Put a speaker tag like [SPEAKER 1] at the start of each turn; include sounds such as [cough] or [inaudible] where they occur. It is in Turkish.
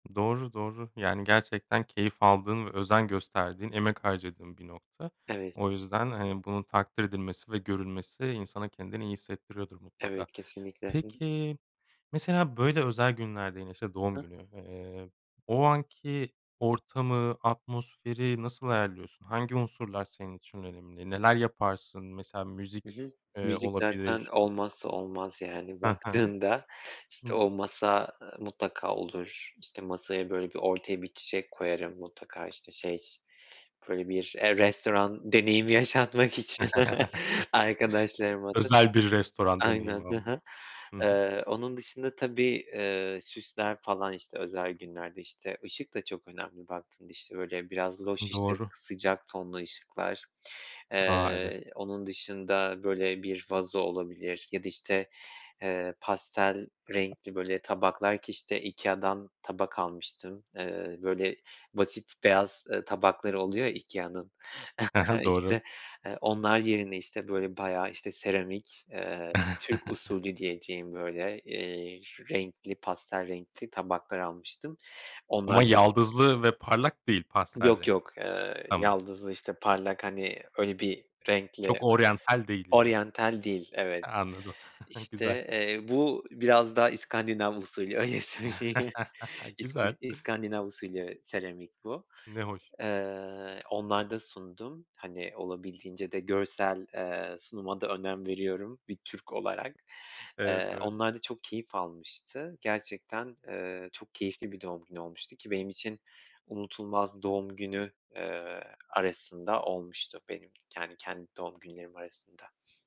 [SPEAKER 1] Doğru, doğru yani gerçekten keyif aldığın ve özen gösterdiğin emek harcadığın bir nokta.
[SPEAKER 2] Evet.
[SPEAKER 1] O yüzden, hani, bunun takdir edilmesi ve görülmesi insana kendini iyi hissettiriyordur mutlaka.
[SPEAKER 2] Evet kesinlikle. Hı hı.
[SPEAKER 1] Peki, mesela böyle özel günlerde yine, işte, doğum
[SPEAKER 2] Hı.
[SPEAKER 1] günü, eee, o anki ortamı atmosferi nasıl ayarlıyorsun? Hangi unsurlar senin için önemli? Neler yaparsın mesela
[SPEAKER 2] Hı hı.
[SPEAKER 1] müzik, eee,
[SPEAKER 2] Müzik zaten
[SPEAKER 1] olabilir?
[SPEAKER 2] olmazsa olmaz, yani,
[SPEAKER 1] He he.
[SPEAKER 2] baktığında işte
[SPEAKER 1] Hımm.
[SPEAKER 2] o masa, eee, mutlaka olur, işte, masaya böyle bir ortaya bir çiçek koyarım mutlaka işte şey böyle bir restoran deneyimi yaşatmak için
[SPEAKER 1] [chuckles]
[SPEAKER 2] arkadaşlarıma da
[SPEAKER 1] Özel bir restoran deneyimi
[SPEAKER 2] aynen. Hı
[SPEAKER 1] ama.
[SPEAKER 2] hı.
[SPEAKER 1] Hı hı.
[SPEAKER 2] Eee, onun dışında tabii, eee, süsler falan işte özel günlerde, işte, ışık da çok önemli baktığında, işte, böyle biraz loş
[SPEAKER 1] Doğru.
[SPEAKER 2] ışık, sıcak tonlu ışıklar,
[SPEAKER 1] A, evet!
[SPEAKER 2] eee, onun dışında böyle bir vazo olabilir ya da, işte, eee, pastel renkli böyle tabaklar ki, işte, IKEA'dan tabak almıştım, eee, böyle basit beyaz, eee, tabakları oluyor ya IKEA'nın,
[SPEAKER 1] He he.
[SPEAKER 2] [chuckles]
[SPEAKER 1] Doğru.
[SPEAKER 2] işte, eee, onlar yerine, işte, böyle bayağı, işte, seramik, eee, Türk
[SPEAKER 1] [chuckles]
[SPEAKER 2] usulü diyeceğim böyle, eee, renkli pastel renkli tabaklar almıştım. Onlar
[SPEAKER 1] Ama
[SPEAKER 2] [unintelligible]
[SPEAKER 1] yaldızlı ve parlak değil, pastel
[SPEAKER 2] Yok
[SPEAKER 1] renkli.
[SPEAKER 2] yok, eee,
[SPEAKER 1] Tamam.
[SPEAKER 2] yaldızlı işte parlak hani öyle bir renkle,
[SPEAKER 1] Çok oryantal değil yine.
[SPEAKER 2] oryantal değil
[SPEAKER 1] He.
[SPEAKER 2] evet,
[SPEAKER 1] Anladım, [chuckles]
[SPEAKER 2] işte,
[SPEAKER 1] güzel.
[SPEAKER 2] eee, bu biraz da iskandinav usulü öyle söyleyeyim.
[SPEAKER 1] [chuckles]
[SPEAKER 2] İski
[SPEAKER 1] Güzel.
[SPEAKER 2] iskandinav usulü seramik bu.
[SPEAKER 1] Ne hoş.
[SPEAKER 2] Eee, onlarda sundum, hani, olabildiğince de görsel, eee, sunuma da önem veriyorum bir Türk olarak.
[SPEAKER 1] Evet,
[SPEAKER 2] Eee,
[SPEAKER 1] evet.
[SPEAKER 2] onlar da çok keyif almıştı gerçekten, eee, çok keyifli bir doğum günü olmuştu ki benim için unutulmaz doğum günü, eee, arasında olmuştu, benim kendi kendi doğum günlerim arasında.